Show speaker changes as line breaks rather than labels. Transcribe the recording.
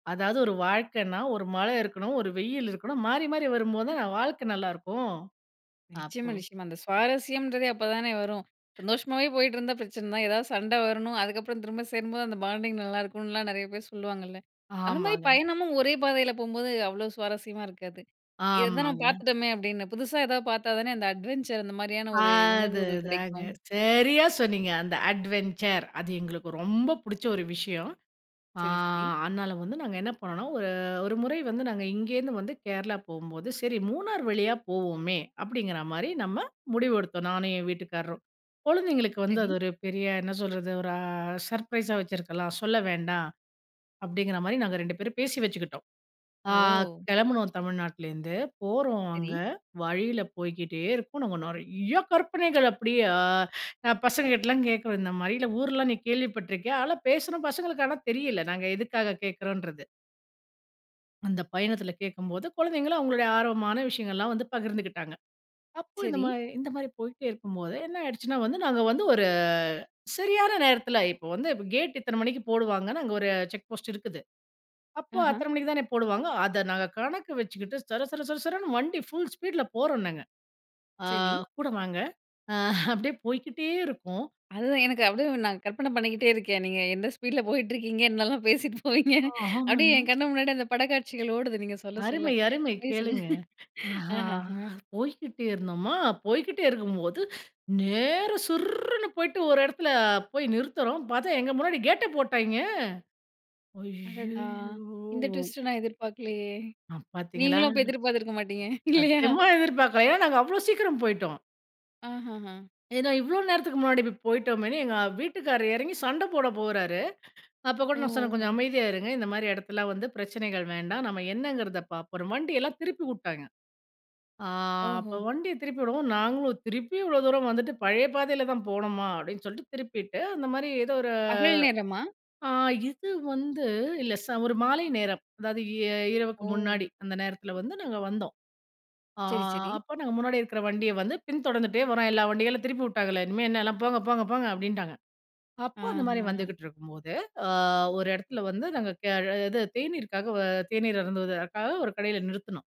அதாவது ஒரு வாழ்க்கைன்னா ஒரு மழை இருக்கணும், ஒரு வெயில் இருக்கணும் மாறி மாறி வரும்போது தான் வாழ்க்கை நல்லாயிருக்கும்
நிச்சயமா
அப்போ
நிச்சயமா. அந்த சுவாரஸ்யம்ன்றது அப்போதானே வரும். சந்தோஷமாவே போயிட்டுருந்தா பிரச்சனை தான் எதாவது சண்டை வரணும், அதுக்கப்புறம் திரும்ப சேரும்போது அந்த பாண்டிங் நல்லாயிருக்குனுலாம் நிறைய பேர் சொல்லுவாங்கல்ல. அந்த மாதிரி
ஆமாங்க.
பயணமும் ஒரே பாதையில போகும்போது, அவ்ளோ சுவாரஸ்யமா இருக்காது. "இத தான் நம்ம
ஆமாங்க.
பார்த்துட்டோமே," அப்டின்னு புதுசா ஏதாவது பார்த்தா தானே, அந்த அட்வென்ச்சர் அந்த மாதிரியான ஒரு உணர்வுகள்
அதுதாங்க
கிடைக்கும்.
சரியா சொன்னீங்க. அந்த அட்வென்ச்சர் அது எங்களுக்கு ரொம்ப புடிச்ச ஒரு விஷயம். ஆ
சரி, சரி.
அதனால வந்து நாங்க என்ன பண்ணோம், ஒரு, ஒரு முறை வந்து நாங்க இங்கேருந்து வந்து கேரளா போகும்போது, "சரி மூணார் வழியா போவோமே," அப்டிங்கிற மாரி நம்ம முடிவெடுத்தோம் நானும் என் வீட்டுக்காரரும். குழந்தைங்களுக்கு வந்து
சரி.
அது ஒரு பெரிய என்ன சொல்றது ஒரு சர்ப்ரைஸா வச்சிருக்கலாம். சொல்ல வேண்டாம் அப்டிங்கிற மாரி நாங்க 2 பேரும் பேசி வச்சுக்கிட்டோம். ஆ
ஓ!
கெளம்புனோம் தமிழ்நாட்டுலேருந்து போறோம்
சரி.
அங்க, வழியில போய்க்கிட்டே இருக்கோம் நாங்க நிறையா கற்பனைகள் அப்படியே பசங்க கிட்டலாம் கேட்குறோம் "இந்த மாரி இல்ல ஊர்லாம் நீ கேள்விப்பட்டிருக்கியா?" அதெல்லாம் பேசுறோம் பசங்களுக்கு ஆனா தெரியல நாங்க எதுக்காக கேட்குறோம்ன்றது அந்த பயணத்தில கேட்கும்போது கொழந்தைங்களும், அவங்களுடைய ஆர்வமான விஷயங்கள்லாம் வந்து பகிர்ந்துக்கிட்டாங்க. அப்போ இந்த
சரி.
மாதிரி இந்த மாரி போயிட்டே இருக்கும்போது, என்ன ஆயிடுச்சுன்னா வந்து நாங்க வந்து ஒரு சரியான நேரத்தில இப்போ வந்து கேட் இத்தனை மணிக்கு போடுவாங்கன்னு அங்கே ஒரு செக் போஸ்ட் இருக்குது. அப்போ
ஆஹ.
அத்தனை மணிக்கு தானே போடுவாங்க. அதை நாங்க கணக்கு வச்சுக்கிட்டு சர சர சர சரன்னு வண்டி ஃபுல் ஸ்பீடுல போறோம் நாங்க. அ
சரி.
கூட வாங்க அப்படியே போய்க்கிட்டே இருக்கோம்.
அதுதான் எனக்கு அப்டியே நான் கற்பனை பண்ணிக்கிட்டே இருக்கேன். நீ எந்த ஸ்பீட்ல போயிட்டு இருக்கீங்க? என்னலாம் பேசிட்டு போவீங்க? அப்டியே
ஆமாங்க.
என் கண்ணு முன்னாடி அந்த படக்காட்சிகள் ஓடுது. நீங்க சொல்ல சொல்ல
அருமை அருமை
சொல்லுங்க.
கேளுங்க. அ
அஹஹ
போய்க்கிட்டே இருந்தோமா, போய்க்கிட்டே இருக்கும்போது ,நேர சுர்ருனு போய்ட்டு ஒரு இடத்துல போய் நிறுத்துறோம் பார்த்தா எங்க முன்னாடி கேட்டை போட்டாய்ங்கெ
அடடா!
ஐயயோ!
இந்த ட்விஸ்ட் நான் எதிர்பார்க்கலையே!
ஆ பார்த்தீங்களா.
நீங்களும் அப்போ எதிர்பார்த்திருக்க மாட்டீங்க, இல்லையா?
சத்தியமா எதிர்பார்க்கல ஏன்னா நாங்க அவ்வளோ சீக்கிரம் போய்ட்டோம்.
ஆ. ஹா, ஆ.
ஏன்னா இவ்ளோ நேரத்துக்கு முன்னாடி இப்படி போயிட்டோமேன்னு, எங்க வீட்டுக்காரர் எறங்கி சண்ட போட போறாரு. அப்ப கூட
ஓ.
நான் சொன்னேன் "கொஞ்சம்
ஒ!
அமைதியா இருங்க இந்த மாதிரி எடத்துலலாம் வந்து பிரச்சனைகள் வேண்டாம்." நம்ம என்னங்கிறத பார்ப்போம். அப்றோம் வண்டியெல்லாம் திருப்பி விட்டாங்க. ஆ அப்போ
ஓஹோ!
வண்டிய திருப்பி விடவும்ம் நாங்களும் திருப்பி இவ்வளோ தூரம் வந்துட்டு பழைய பாதையில தான் போகணுமா? அப்டின்னு சொல்லிட்டு திருப்பிவிட்டு அந்த மாதிரி ஏதோ ஒரு
பகல் நேரமா?
ஆ இது வந்து இல்ல ச ஒரு மாலை நேரம். அதாவது இ இரவுக்கு
ஒ!
முன்னாடி அந்த நேரத்தில வந்து நாங்க வந்தோம். ஆ
சரி, சரி.
அப்போ நாங்க முன்னாடி இருக்கிற வண்டிய வந்து பின் தொடர்ந்துகிட்டே வர்றோம். எல்லா வண்டிகளும் திருப்பி உட்டாங்களே இனிமே என்னலாம் போங்க போங்க போங்க அப்படின்ட்டாங்க. அப்போ அந்த மாதிரி
ஆஹ.
வந்துகிட்டு இருக்கும்போது, அ ஒரு இடத்துல வந்து நாங்க இது தேநீருக்காக தேநீர் அருந்துவதுக்காக ஒரு கடையில நிறுத்துனோம்.